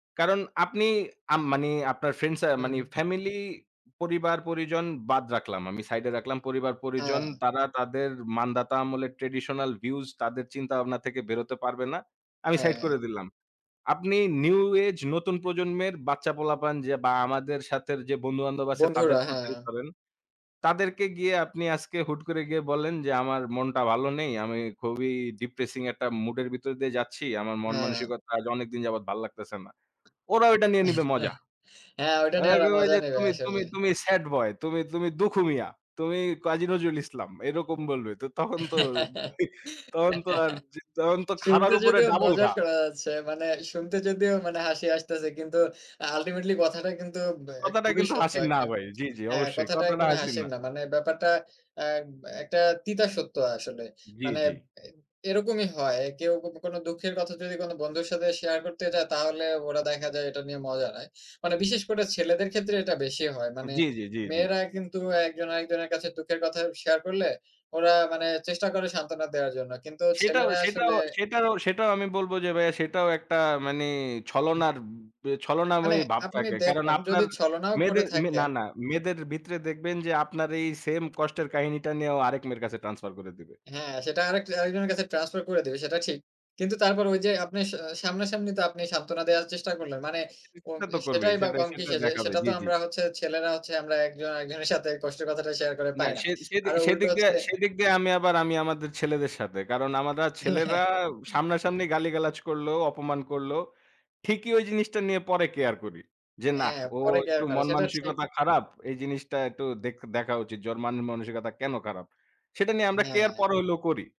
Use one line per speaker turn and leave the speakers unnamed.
কারণ আপনি আ মানে আপনার ফ্রেন্ড সা মানে
হুম।
ফামিলি পরিবার-পরিজন বাদ রাখলাম। আমি সাইডে রাখলাম, পরিবার-পরিজন।
হ্যাঁ।
তারা তাদের মানদাতা আমলের ট্র্যাডিশনাল ভিউস তাদের চিন্তাভাবনা থেকে বেরোতে পারবে না। আমি সাইড
হ্যাঁ।
করে দিলাম। আপনি নিউ এজ নতুন প্রজন্মের বাচ্চা-পোলাপান যে বা আমাদের সাথের যে বন্ধু-বান্ধব আছে তাদের
বন্ধুরা, হ্যাঁ।
কথাই ধরেন। তাদেরকে গিয়ে আপনি আজকে হুট করে গিয়ে বলেন যে আমার মনটা ভালো নেই। আমি খুবই ডিপ্রিসিং একটা মুড এর ভিতর দিয়ে যাচ্ছি। আমার
হ্যাঁ।
মন-মানসিকতা আজ অনেকদিন যাবত ভাল্লাগতেছে না। ওরা ওইটা নিয়ে নিবে মজা।
হ্যাঁ, ওইটা নিয়ে
ওরা
ওরা
কইবো
মজা
যে
নেবে
তুমি, তুমি,
আসলে।
তুমি স্যাড বয়, তুমি, তুমি দুঃখু মিয়া, তুমি কাজি নজরুল ইসলাম। এরকম বলবে। তো তখন তো, তহন তো আর, তহন তো খাড়ার
শুনতে
উপরে
যদিও
ডাবল
মজা
ঘা।
শোনা যাচ্ছে। মানে শুনতে যদিও মানে হাসি আসতেছে কিন্তু আ আল্টিমেটলি কথাটা কিন্তু উব অ্যা
কথাটা
খুবই
কিন্তু
সত্য
হাসির না
একটা।
ভাই। জি, জি
হ্যাঁ,
অবশ্যই।
কথাটা
কথাটা
একদমই
হাসির
হাসির
না।
না। মানে ব্যাপারটা অ্যা একটা তিতা সত্য আসলে।
জি,
মানে
জি।
অ্যা এরকমই হয়। কেউ যদি কোনো দুঃখের কথা যদি কোনো বন্ধুর সাথে শেয়ার করতে যায় তাহলে ওরা দেখা যায় এটা নিয়ে মজা নেয়। মানে বিশেষ করে ছেলেদের ক্ষেত্রে এটা বেশি হয়। মানে
জি, জি, জি, জি।
মেয়েরা কিন্তু একজন আরেকজনের কাছে দুঃখের কথা শেয়ার করলে, ওরা মানে চেষ্টা করে সান্ত্বনা দেওয়ার জন্য। কিন্তু
সেটাও,
ছেলেরা আসলে
সেটাও, সেটারও, সেটাও আমি বলব যে ভাইয়া সেটাও একটা মানে
হু।
ছলনার, উব
মানে
ছলনাময়ী ভাব
আপনি
থাকে। কারণ
দেখুন,
আপনার
যদি ছলনাও করে
মেয়েদের, না,
থাকেন।
না, মেয়েদের ভিতরে দেখবেন যে আপনার এই সেম কষ্টের কাহিনীটা নিয়েও আরেক মেয়ের কাছে ট্রান্সফার করে দিবে।
হ্যাঁ, সেটা আরেক আরেকজনের কাছে ট্রান্সফার করে দিবে, সেটা ঠিক। কিন্তু তারপর ওই যে আপনি স সামনা সামনি তো আপনি সান্ত্বনা দেওয়ার চেষ্টা করলেন। মানে ও
সেটা তো
এ
করবেই।
সেটাই বা
সেটা,
কম
সেটা
কিসে। যে
দেখাবে।
সেটা তো
জি, জি।
আমরা হচ্ছে ছেলেরা হচ্ছে আমরা একজন আরেকজনের সাথে কষ্টের কথাটা শেয়ার করে
না।
পাই না।
সে, সেদিক,
আরও উল্টো
সেদিক দিয়ে,
হচ্ছে
সেদিক দিয়ে আমি আবার আমি আমাদের ছেলেদের সাথে। কারণ আমারা ছেলেরা সামনা-সামনি গালিগালাজ করলেও, অপমান করলেও ঠিকই ওই জিনিসটা নিয়ে পরে কেয়ার করি। যে না,
হ্যাঁ,
ও
পরে কেয়ার
একটু
করে, সেটা ও ঠিক।
মন-মানসিকতা খারাপ। এই জিনিসটা একটু দেক দেখা উচিত। যে ওর মান মানসিকতা কেন খারাপ। সেটা নিয়ে আমরা কেয়ার
হ্যাঁ।
পরে হইলেও করি।